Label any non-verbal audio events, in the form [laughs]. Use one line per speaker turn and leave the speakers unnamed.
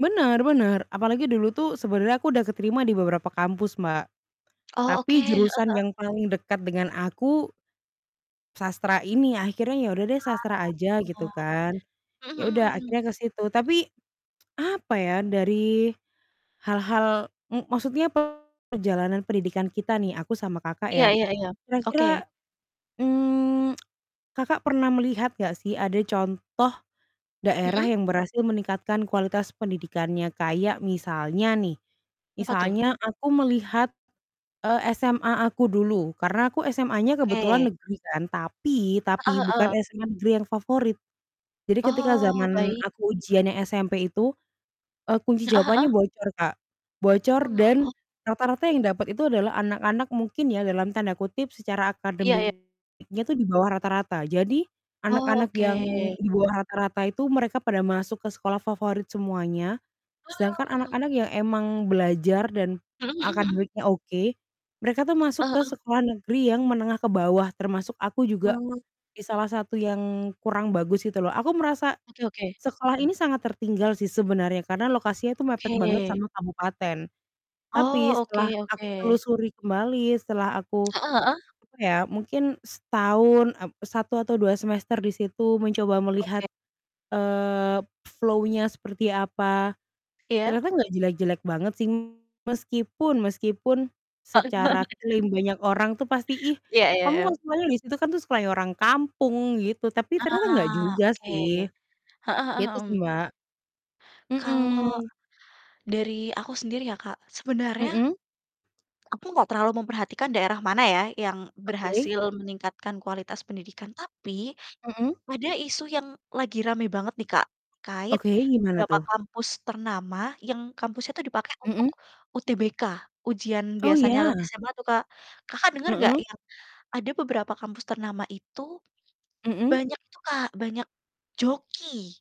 Bener bener apalagi dulu tuh sebenernya aku udah keterima di beberapa kampus, Mbak.
Oh, oke,
Tapi
heeh
jurusan
heeh.
yang paling dekat dengan aku sastra ini, akhirnya ya udah deh sastra aja gitu
Ah.
kan.
Mhm
Ya udah
mhm mhm.
akhirnya ke situ tapi, [tsk] apa ya dari hal-hal mu maksudnya perjalanan pendidikan kita nih, aku sama, Kakak,
Iya
ya
iya iya, oke.
kira-kira, mmm, [tsk] Kakak pernah melihat gak sih ada contoh daerah
Mhm.
yang berhasil meningkatkan kualitas pendidikannya? Kayak misalnya nih,
Apa tuh?
misalnya aku melihat, eee, SMA aku dulu, karena aku SMA-nya kebetulan
Oke.
negeri kan tapi
Heeh
tapi bukan
heeh.
SMA negeri yang favorit. Jadi ketika
Oh,
zaman
baik.
aku ujiannya SMP itu, eee, kunci
Heeh
jawabannya
heeh.
bocor, Kak, bocor
Wah
dan
ho
rata-rata
[unintelligible]
yang dapat itu adalah anak-anak mungkin ya dalam tanda kutip "secara
Iya iya.
akademik-nya tuh di bawah rata-rata." Jadi
Oh,
anak-anak yang
oke.
di bawah rata-rata itu mereka pada masuk ke sekolah favorit semuanya, sedangkan
Wah!
anak-anak yang emang belajar dan
Mhm mhm mhm.
akademiknya oke, mereka tuh masuk
Heeh
ke
heeh.
sekolah negeri yang menengah ke bawah termasuk aku juga,
Oh.
di salah satu yang kurang bagus gitu loh, aku merasa
Oke oke.
sekolah ini sangat tertinggal sih sebenarnya karena lokasinya itu mepet banget
Oke.
sama kabupaten, tapi
Oh, oke
setelah aku
oke.
telusuri kembali setelah aku,
Heeh heeh.
apa ya, mungkin setahun, eee, 1 atau 2 semester di situ mencoba melihat,
Oke.
eee, flow-nya seperti, apa,
Iya.
ternyata nggak jelek-jelek banget sih. Meskipun meskipun secara
[laughs]
klaim banyak orang tuh pasti, "Ih,
Iya iya
kamu kan
iya.
semuanya di situ, kan tuh seperti orang kampung!" Gitu, tapi ternyata nggak
Ah,
juga
oke,
sih,
heeh heeh,
gitu sih,
mhm.
Mbak,
Kalau
mhm.
dari aku sendiri ya, Kak, sebenarnya
Mhm.
aku gak terlalu memperhatikan daerah mana ya, yang
Oke.
berhasil meningkatkan kualitas pendidikan. Tapi
Mhm.
ada isu yang lagi rame banget nih, Kak, terkait
Oke, gimana
beberapa
tuh?
kampus ternama yang kampusnya itu dipake untuk
Mhm.
UTBK, ujian
Oh,
biasanya
ya?
SMA tuh, Kak. Kakak, denger gak
Mhm.
ya, ada beberapa kampus ternama itu
Mhm.
banyak itu, Kak, banyak joki?